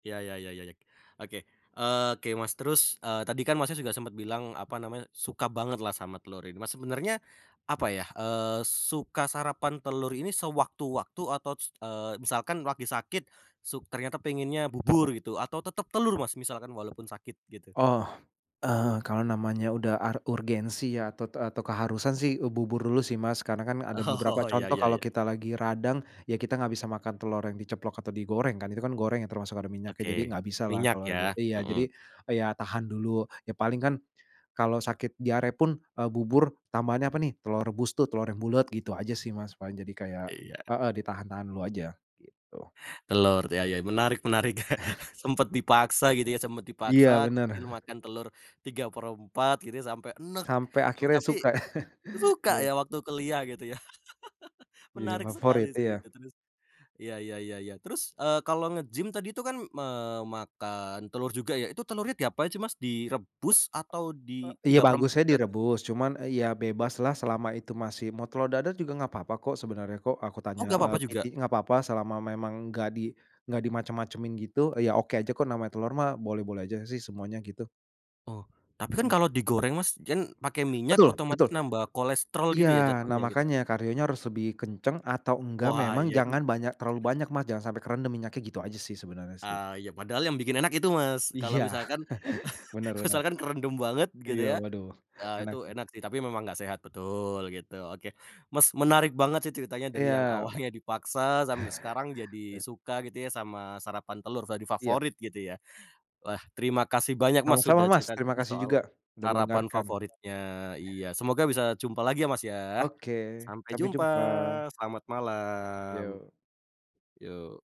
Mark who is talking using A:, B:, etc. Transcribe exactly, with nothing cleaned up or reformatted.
A: Ya ya ya ya- ya. Oke, oke Mas, terus, eee, tadi kan Masnya, juga sempet bilang apa namanya, suka banget lah sama telur ini nah sebenernya, apa ya, eee, suka sarapan telur ini sewaktu-waktu atau s eee, misalkan lagi sakit, suk ternyata pengennya bubur gitu atau tetep telur Mas, misalkan walaupun sakit gitu?
B: Oh, eee, kalau namanya udah ar urgensi ya atau t atau keharusan sih u bubur dulu sih Mas, karena kan ada beberapa
A: Oh ya
B: contoh
A: ya ya
B: kalau
A: ya.
B: kita lagi radang, ya kita nggak bisa makan telur yang diceplok atau digoreng kan itu kan goreng ya termasuk ada minyaknya jadi
A: Oke
B: nggak bisalah
A: minyak
B: kalau lagi
A: ya,
B: iya
A: mhm.
B: jadi, eee, ya tahan dulu, ya paling kan, kalau sakit diare pun, eee, bubur tambahannya apa nih telor rebus tuh telor yang bulet gitu aja sih Mas, paling jadi kayak
A: Iya.
B: heeh, ditahan-tahan dulu aja gitu.
A: Telur ya ya menarik menarik, sempet dipaksa gitu ya sempet
B: Iya
A: dipaksa
B: bener.
A: kecil makan telur tiga per empat gitu ya sampe enek,
B: Sampai
A: mmm,
B: akhirnya
A: tapi,
B: suka
A: suka
B: iya.
A: ya waktu kuliah gitu ya.
B: Jadi
A: Menarik sekali
B: favorit
A: sih
B: iya.
A: itu terus, ya ya ya ya terus, eee, kalo nge-gym tadi tuh kan memakan telur juga ya itu telurnya diapain sih Mas? Direbus atau
B: Eee,
A: di
B: iya
A: tiga per empat
B: bagusnya
A: juga?
B: direbus cuman, eee, ya bebaslah selama itu masih mau telor dadar juga nggak papa kok sebenarnya kok aku tanya,
A: Oh nggak papa
B: eee, PT
A: juga?
B: nggak papa selama memang nggak di nggak dimacem-macemin gitu, eee, ya oke aja kok namanya telor mah boleh-boleh aja sih semuanya gitu.
A: Oh, tapi kan
B: Mhm.
A: kalo digoreng Mas, jan pake minyak
B: Betul betul,
A: otomatis nambah kolesterol gitu
B: iya
A: ya
B: nah
A: jatuhnya gitu.
B: makanya kardionya harus lebih kenceng atau enggak
A: Wah
B: memang
A: iya itu
B: jangan banyak terlalu banyak Mas, jangan sampai kerendem minyaknya gitu aja sih sebenarnya sih.
A: Ah, iya padahal yang bikin enak itu Mas, kalo
B: Iya
A: misalkan
B: bener bener.
A: misalkan kerendem banget gitu
B: Iya
A: ya,
B: waduh
A: ah,
B: enak
A: itu
B: tuh.
A: enak sih tapi memang nggak sehat betul gitu oke Mas, menarik banget sih ceritanya dari yang
B: Iya.
A: awalnya dipaksa sampe sekarang jadi
B: Eee.
A: suka gitu ya sama sarapan telur jadi
B: Iya.
A: favorit gitu ya, wah terima kasih banyak Mas, sudah
B: Sama-sama Mas,
A: cerita-cerita
B: terimakasih juga,
A: soal,
B: udah
A: sarapan
B: mendengarkan.
A: favoritnya, iya semoga bisa jumpa lagi ya Mas, ya,
B: Oke
A: sampai
B: sampai
A: jumpa
B: jumpa.
A: selamat malam.
B: Yo.
A: Yo.